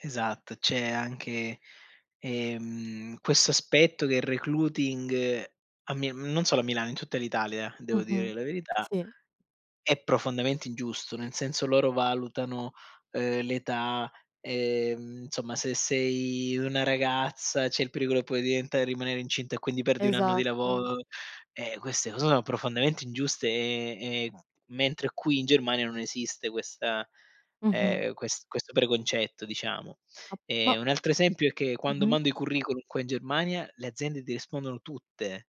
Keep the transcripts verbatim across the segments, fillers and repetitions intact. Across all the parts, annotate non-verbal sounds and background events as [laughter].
Esatto, c'è anche, ehm, questo aspetto che il recluting, a mi non solo a Milano, in tutta l'Italia, devo dire Mh-mh, la verità, sì. è profondamente ingiusto, nel senso loro valutano, ehm, l'età, ehm, nsomma, se sei una ragazza, c'è il pericolo che puoi diventare rimanere incinta e quindi perdi un anno di Esatto. lavoro, eh, queste cose sono profondamente ingiuste e e, mhmm, mentre qui in Germania non esiste questa Mh-mh. ehm, ques questo preconcetto, diciamo. A ma Ehm, un altro esempio è che quando Mh-mh. mando i curriculum qua in Germania, le aziende ti rispondono tutte,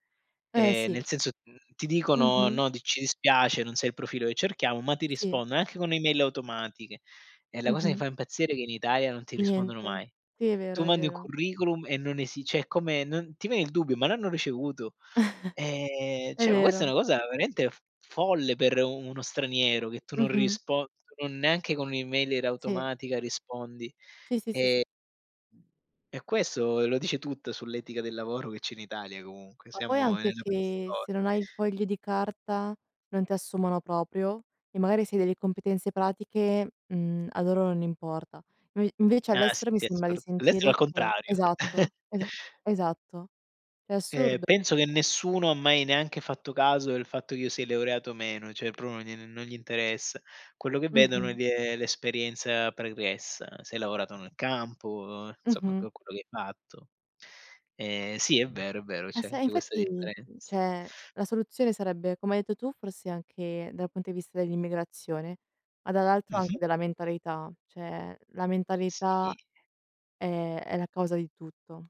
Eh, ehm, nel sì. senso, mhmm, ti dicono: Mh-mh. "No, t ci dispiace, non sei il profilo che cerchiamo", ma ti Sì. rispondono anche con e-mail automatiche; e la cosa che Mh-mh. fa impazzire è che in Italia non ti rispondono Niente. mai. Sì, è vero, Tu è mandi un vero. curriculum e non esi ceh è come non ti viene il dubbio: "Ma l'hanno ricevuto?", [chuckles] ehm, È ceh, ma questa è vero. una cosa veramente f folle per u uno straniero che tu non Mh-mh. rispon no neanche con e-mail Sì. automatica rispondi. Sì, sì, sì, s Ehm e questo lo dice tutto sull'etica del lavoro che c'è in Italia comunque, Ma poi siamo anche nella preisto che se non hai i fogli di carta non ti assumono propio e magari se hai delle competenze pratiche, mhmm, a loro non importa. Noi invece Ah, sì, all'estero mi è sembra di assur [unintelligible] è sentire al che contrario. [chuckles] esatto, esa esatto, è Ehm, assurdo. penso che nessuno ha mai neanche fatto caso del fatto che io sia leureato o meno, ceh pro no non gli interessa. Quello che vedono è Mh-mh. gl ehm, l'esperienza pregressa: se hai lavorato nel campo, uhm, nsomma, Mh-mh. que che hai fatto. Ehm, sì, è vero, è vero, Ah c'è se eh, anche questa infatti, differenza. ceh la soluzione sarebbe, come hai detto tu, forse anche dal punto di vista dell'immigrazione, ma dall'altro Mh-mh. anche della mentalità, ceh la mentalità Sì. è è la causa di tutto.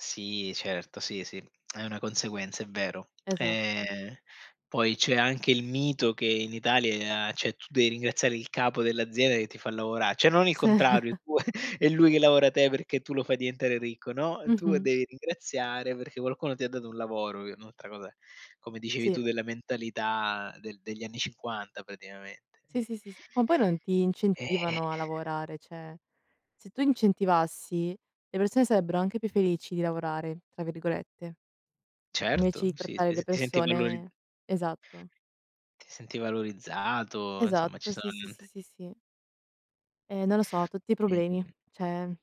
Sì, certo, sì, sì, è una conseguenza, è vero. Esatto. [clicks tongue] Ehm, poi c'è anche il mito che in Italia, ceh, tu devi ringraziare il capo dell'azienda che ti fa lavora, ceh non il Sì. contrario, [chuckles] [chuckles] è lui che lavora te perché tu lo fai diventare ricco, no, tu Mh-mh. devi ringraziare perché qualcuno ti ha dato un lavoro, un'altra cosa, come dicevi Sì. tu, della mentalità del degli anni cinquanta praticamente. Sì, sì, sì, ma poi non ti incentivano a [sighs] lavorare, ceh se tu incentivassi, le persone sarebbero anche "più felici di lavorare", tra virgolette. Invece Certo, di sì, trattare ti le s ti senti valori persone esatto. Ti senti valorizzato, insomma ci Esatto, sono sì, sì, sì, tante sì, sì. Ehm, non lo so, tutti problemi, ceh